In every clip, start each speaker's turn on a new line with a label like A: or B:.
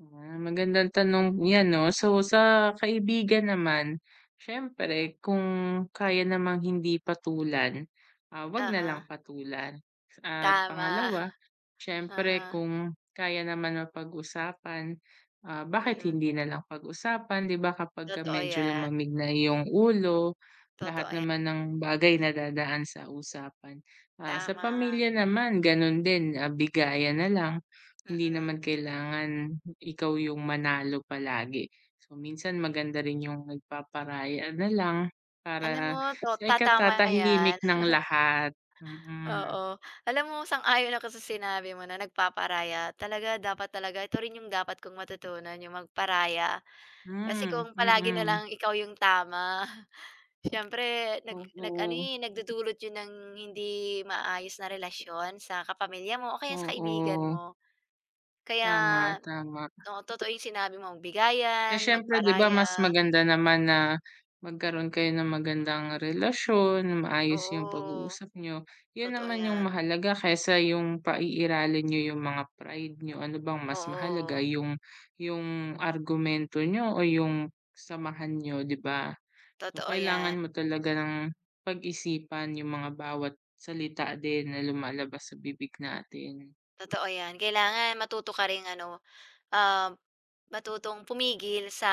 A: Ah, magandang tanong yan, 'no? So, sa kaibigan naman, siyempre kung kaya namang hindi patulan, ah, 'wag
B: Aha.
A: nalang patulan. At
B: Tama.
A: pangalawa, siyempre
B: Aha.
A: kung kaya naman mapag-usapan, ah, bakit
B: Mm.
A: hindi nalang pag-usapan, 'di ba, kapagka
B: Totoo
A: medyo
B: 'yan.
A: lumamig na yung ulo.
B: Totoo
A: Lahat
B: yan.
A: naman ng bagay nadadaan sa usapan. Ah, sa
B: Tama.
A: pamilya naman, ganun din, ah, bigayan nalang hindi
B: Mm.
A: naman kailangan ikaw yung manalo palagi. So, minsan maganda rin yung nagpaparaya nalang
B: Alam
A: para
B: mo 'to,
A: sa
B: ta tama 'yan.
A: ikatatahimik ng lahat, mm.
B: Oo, alam mo, sang-ayon ako sa sinabi mo na nagpaparaya talaga dapat talaga ito rin yung dapat kong matutunan yung magparaya. Kasi
A: Hmm,
B: kung palagi
A: mm.
B: nalang ikaw yung tama siyempre nag nag ano
A: Oo.
B: eh, nagdudulot yun ng hindi maayos na relasyon sa kapamilya mo o kaya sa kaibigan
A: Oo.
B: mo. Kaya
A: Tama, tama.
B: oo, totoo yung sinabi mo
A: Eh
B: bigayan,
A: siyempre, 'di ba, mas
B: magparaya.
A: maganda naman na magkaroon kayo ng magandang relasyon, maayos yung
B: Oo.
A: pag-uusap niyo yun
B: Totoo
A: naman yung
B: 'yan.
A: mahalaga kaysa yung paiiralin niyo yung mga pride niyo. Ano bang mas mahalaga
B: Oo.
A: yung yung argumento niyo o yung samahan niyo, 'di ba? So,
B: Totoo 'yan.
A: kailangan mo talaga ng pag-isipan yung mga bawat salita din na lumalabas sa bibig natin.
B: Totoo 'yan. Kailangan matuto ka ring ano, ah, matutong pumigil sa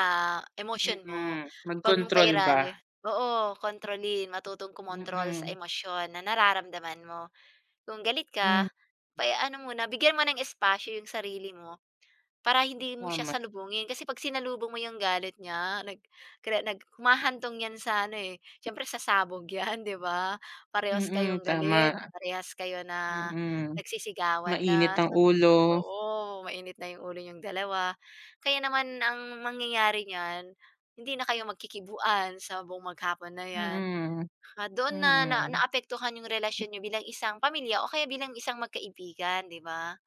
B: emosyon
A: Mm,
B: mo. Huwag mong
A: magkontrol ba.
B: pairali oo, kontrolin, matutong kumontrol sa
A: Mm.
B: emosyon na nararamdaman mo. Kung galit
A: Hmm.
B: ka pa eh, ano muna, bigyan mo ng espasyo yung sarili mo, para hindi mo siya
A: Tama.
B: salubungin. Kasi 'pag sinalubong mo yung galit niya nag kada nag humahantong yan sa ano eh, siyempre sasabog yan, 'di ba? Parehas
A: Mm,
B: kayong galit,
A: tama.
B: parehas kayo na
A: Mm,
B: nagsisigawan
A: mainit
B: na.
A: ang ulo.
B: Oo, mainit na yung ulo niyong 2. Kaya naman ang mangyayari niyan hindi na kayo magkikibuan sa buong maghapon na 'yan.
A: Mm,
B: Doon na na
A: mm.
B: naapektuhan yung relasyon n'yo bilang isang pamilya o kaya bilang isang magkaibigan, 'di ba?